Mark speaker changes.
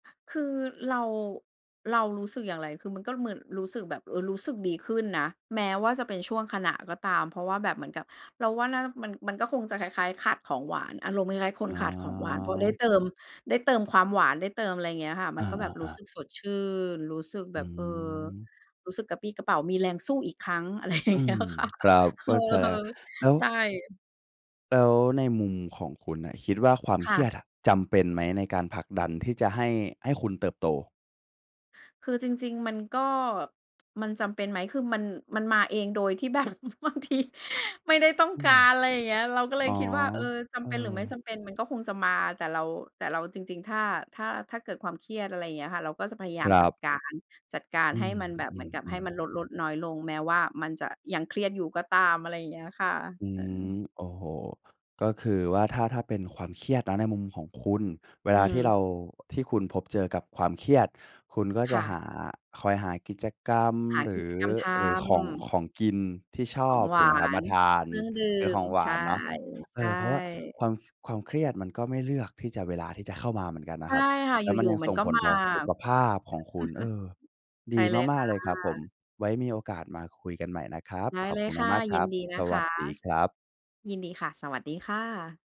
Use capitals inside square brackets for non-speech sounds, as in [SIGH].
Speaker 1: คือ เรา เรารู้สึกอย่างไร คือมันก็เหมือนรู้สึกแบบ เออ รู้สึกดีขึ้นนะ แม้ว่าจะเป็นชั่วขณะก็ตาม เพราะว่าแบบเหมือนกับ เราว่าน่า มัน มันก็คงจะคล้าย ๆ ขาดของหวาน อารมณ์คล้าย ๆ ค
Speaker 2: อ๋
Speaker 1: น
Speaker 2: อ
Speaker 1: ขาดของหวาน เพราะได้เติม ได้เติมความหวาน ได้เติมอะไรอย่างเงี้ยค่ะ ม
Speaker 2: อ
Speaker 1: ันก็แบบรู้
Speaker 2: า ๆ
Speaker 1: สึ
Speaker 2: ๆ
Speaker 1: กสดชื่น รู้สึก
Speaker 2: อ
Speaker 1: แบ
Speaker 2: ื
Speaker 1: บ เออ
Speaker 2: ม
Speaker 1: รู้สึกกระปรี้กระเปร่า มีแรงสู้อีกครั้ง อะไรอย่า
Speaker 2: อื
Speaker 1: งเงี้
Speaker 2: ม
Speaker 1: ยค่ะ
Speaker 2: ครับ
Speaker 1: [LAUGHS] เ
Speaker 2: เ
Speaker 1: อ
Speaker 2: ข้
Speaker 1: อ
Speaker 2: าใจแล้ว แล้ว
Speaker 1: ๆ ใช่
Speaker 2: แล้วในมุมของคุณน่ะ คิดว่าความ
Speaker 1: ค
Speaker 2: เค
Speaker 1: ่
Speaker 2: ร
Speaker 1: ะ
Speaker 2: ียดจำเป็นไหมในการผลักดันที่จะ ให้ ให้คุณเติบโต?
Speaker 1: คือจริง ๆ มันก็ มันจำเป็นไหม คือมัน มันมาเองโดยที่แบบ บางที ไม่ได้ต้อง
Speaker 2: อื
Speaker 1: กา
Speaker 2: ม
Speaker 1: ร อะไรอย่างเงี้ย เราก็เล
Speaker 2: อ๋
Speaker 1: ย
Speaker 2: อ
Speaker 1: คิดว่า เออ จ
Speaker 2: เออ
Speaker 1: ำเป็นหรือไม่จำเป็นมันก็คงจะมา แต่เรา แต่เรา จริง ๆ ถ้า ถ้า ถ้าเกิดความเครียด อะไรอย่างเงี้ยค่ะ เราก็จะพยาย
Speaker 2: ค
Speaker 1: าม
Speaker 2: รั
Speaker 1: จั
Speaker 2: บ
Speaker 1: ดการ จัดการ
Speaker 2: อื
Speaker 1: ให้มันแบบเหมือนกับให้
Speaker 2: ม
Speaker 1: ม
Speaker 2: ๆ
Speaker 1: ั
Speaker 2: ๆ
Speaker 1: นลด ๆ น้อยลง แม้ว่ามันจะยังเครียดอยู่ก็ตาม อะไรอย่างเงี้ยค่ะ
Speaker 2: อื
Speaker 1: เอ
Speaker 2: ม
Speaker 1: อ
Speaker 2: โอ้โฮ ก็คือว่าถ้า ถ้าเป็นความเครียดนะในมุมของคุณ เว
Speaker 1: อื
Speaker 2: ลาที่เ
Speaker 1: ม
Speaker 2: รา ที่คุณพบเจอกับความเครียด คุณก็จ
Speaker 1: ค
Speaker 2: ะ
Speaker 1: ่
Speaker 2: ห
Speaker 1: ะ
Speaker 2: า คอยหากิจกรรม
Speaker 1: หา
Speaker 2: หร
Speaker 1: ก
Speaker 2: ื
Speaker 1: ิจ
Speaker 2: อ
Speaker 1: กรรมท
Speaker 2: หรือของ
Speaker 1: ำ
Speaker 2: ของกินที่ช
Speaker 1: ข
Speaker 2: อ
Speaker 1: อง
Speaker 2: บ
Speaker 1: ห
Speaker 2: ถ
Speaker 1: ว
Speaker 2: ูกไห
Speaker 1: า
Speaker 2: มครับ ม
Speaker 1: น
Speaker 2: าทา
Speaker 1: เค
Speaker 2: น
Speaker 1: รื่องดื่
Speaker 2: เป็นข
Speaker 1: ม
Speaker 2: องหว
Speaker 1: ใช
Speaker 2: า
Speaker 1: ่
Speaker 2: นเนาะ
Speaker 1: ใ
Speaker 2: เอ
Speaker 1: ช่
Speaker 2: อ เพราะว่าความ ความเครียดมันก็ไม่เลือกที่จะ เวลาที่จะเข้ามาเหมือนกันน
Speaker 1: ใช
Speaker 2: ะค
Speaker 1: ่
Speaker 2: รับ
Speaker 1: ค่ะ
Speaker 2: แล
Speaker 1: อ
Speaker 2: ้วมั
Speaker 1: ย
Speaker 2: น
Speaker 1: ู่
Speaker 2: ยัง
Speaker 1: ๆ มั
Speaker 2: ส
Speaker 1: น
Speaker 2: ่ง
Speaker 1: ก็
Speaker 2: ผล
Speaker 1: มา
Speaker 2: ต่อสุขภาพของค
Speaker 1: อ่ะ
Speaker 2: ุณ เอ
Speaker 1: [CHUCKLES]
Speaker 2: อ
Speaker 1: ใช
Speaker 2: ด
Speaker 1: ่
Speaker 2: ี
Speaker 1: เลย
Speaker 2: ม
Speaker 1: ค
Speaker 2: า
Speaker 1: ่
Speaker 2: ก
Speaker 1: ะ
Speaker 2: ๆ เลยครับผม ไว้มีโอกาสมาคุยกันใหม่นะครับ
Speaker 1: ได้
Speaker 2: ขอบ
Speaker 1: เล
Speaker 2: ค
Speaker 1: ย
Speaker 2: ุณ
Speaker 1: ค่ะ
Speaker 2: มาก ๆ ค
Speaker 1: ย
Speaker 2: ร
Speaker 1: ิ
Speaker 2: ั
Speaker 1: น
Speaker 2: บ
Speaker 1: ดีน
Speaker 2: ส
Speaker 1: ะค
Speaker 2: วัส
Speaker 1: ะ
Speaker 2: ดีครับ
Speaker 1: ยินดีค่ะ สวัสดีค่ะ